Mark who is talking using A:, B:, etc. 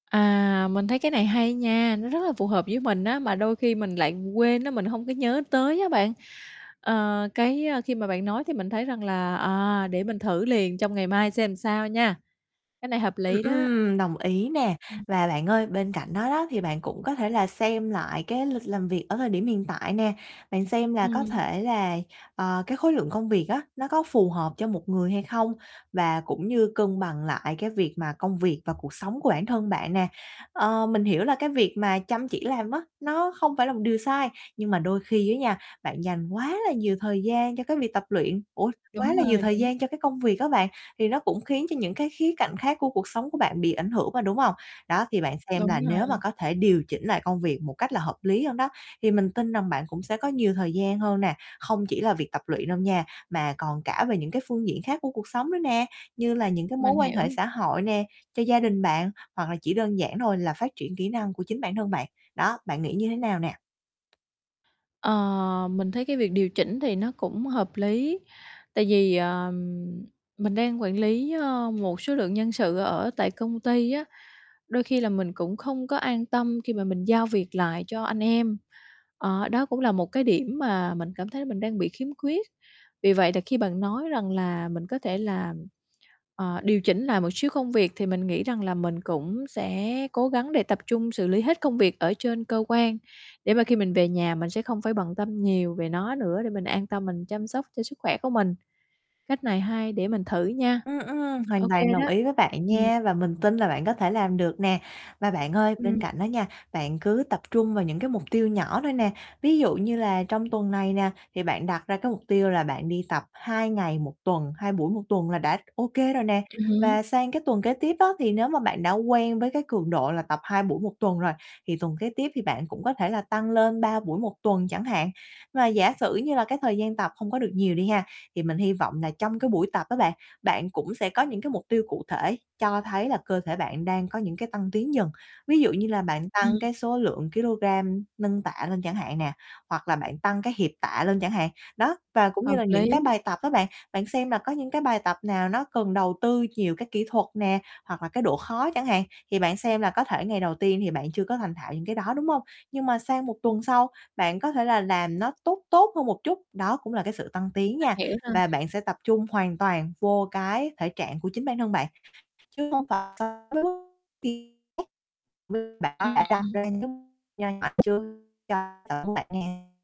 A: À, mình thấy cái này hay nha, nó rất là phù hợp với mình á, mà đôi khi mình lại quên á, mình hông có nhớ tới á bạn, ờ, cái, ơ, khi mà bạn nói thì mình thấy rằng là, à, để mình thử liền trong ngày mai xem làm sao nha, cái này hợp
B: Ừm,
A: lý đó.
B: ừm, đồng ý nè. Và bạn ơi, bên cạnh đó đó thì bạn cũng có thể là xem lại cái lịch làm việc ở thời điểm hiện tại nè, bạn xem là có
A: Ừm.
B: thể là, ờ, cái khối lượng công việc á, nó có phù hợp cho một người hay không, và cũng như cân bằng lại cái việc mà công việc và cuộc sống của bản thân bạn nè. Ờ, mình hiểu là cái việc mà chăm chỉ làm á, nó không phải là một điều sai nhưng mà đôi khi á nha, bạn dành quá là nhiều thời gian cho cái việc tập luyện ủa, quá
A: Đúng
B: là nhiều
A: rồi,
B: thời
A: đúng.
B: gian cho cái công việc á bạn, thì nó cũng khiến cho những cái khía cạnh khác của cuộc sống của bạn bị ảnh hưởng mà, đúng hông? Đó, thì bạn xem
A: Đúng
B: là nếu mà
A: rồi.
B: có thể điều chỉnh lại công việc một cách là hợp lý hơn đó, thì mình tin rằng bạn cũng sẽ có nhiều thời gian hơn nè, không chỉ là việc tập luyện đâu nha, mà còn cả về những cái phương diện khác của cuộc sống nữa nè, như là những cái mối
A: Mình
B: quan hệ
A: hiểu.
B: xã hội nè, cho gia đình bạn, hoặc là chỉ đơn giản thôi là phát triển kỹ năng của chính bản thân bạn. Đó, bạn nghĩ như thế nào nè?
A: Ờ, mình thấy cái việc điều chỉnh thì nó cũng hợp lý, tại vì, ờm, mình đang quản lý, ơ, một số lượng nhân sự ở tại công ty á, đôi khi là mình cũng không có an tâm khi mà mình giao việc lại cho anh em, ờ, đó cũng là một cái điểm mà mình cảm thấy mình đang bị khiếm khuyết. Vì vậy là khi bạn nói rằng là mình có thể là, ờ, điều chỉnh lại một xíu công việc, thì mình nghĩ rằng là mình cũng sẽ cố gắng để tập trung xử lý hết công việc ở trên cơ quan, để mà khi mình về nhà mình sẽ không phải bận tâm nhiều về nó nữa, để mình an tâm mình chăm sóc cho sức khỏe của mình, cách này hay để mình thử nha.
B: Ừm, ừm, hoàn
A: OK
B: toàn đồng
A: đó.
B: ý với bạn
A: Ừm.
B: nha, và mình tin là bạn có thể làm được nè. Và bạn ơi, bên
A: Ừm.
B: cạnh đó nha, bạn cứ tập trung vào những cái mục tiêu nhỏ thôi nè, ví dụ như là trong tuần này nè, thì bạn đặt ra cái mục tiêu là bạn đi tập 2 ngày 1 tuần, 2 buổi 1 tuần là đã OK rồi nè.
A: Ừm hứm.
B: Và sang cái tuần kế tiếp á, thì nếu mà bạn đã quen với cái cường độ là tập 2 buổi 1 tuần rồi, thì tuần kế tiếp thì bạn cũng có thể là tăng lên 3 buổi 1 tuần chẳng hạn. Và giả sử như là cái thời gian tập không có được nhiều đi ha, thì mình hi vọng là trong cái buổi tập á bạn, bạn cũng sẽ có những cái mục tiêu cụ thể cho thấy là cơ thể bạn đang có những cái tăng tiến dần, ví dụ như là bạn
A: Ừm.
B: tăng cái số lượng kilogram nâng tạ lên chẳng hạn nè, hoặc là bạn tăng cái hiệp tạ lên chẳng hạn. Đó, và cũng như
A: Hợp
B: là những cái
A: lý.
B: bài tập á bạn, bạn xem là có những cái bài tập nào nó cần đầu tư nhiều cái kỹ thuật nè, hoặc là cái độ khó chẳng hạn, thì bạn xem là có thể ngày đầu tiên thì bạn chưa có thành thạo những cái đó, đúng hông? Nhưng mà sang 1 tuần sau bạn có thể là làm nó tốt tốt hơn một chút, đó cũng là cái sự tăng tiến nha,
A: Mình hiểu rồi.
B: và bạn sẽ tập trung hoàn toàn vô cái thể trạng của chính bản thân bạn, chứ hông phải chờ tới lúc tìm cách [unintelligible] bạn có thể đặt
A: Ừm.
B: ra những cái mục nho nhỏ trước cho bản thân bạn nè.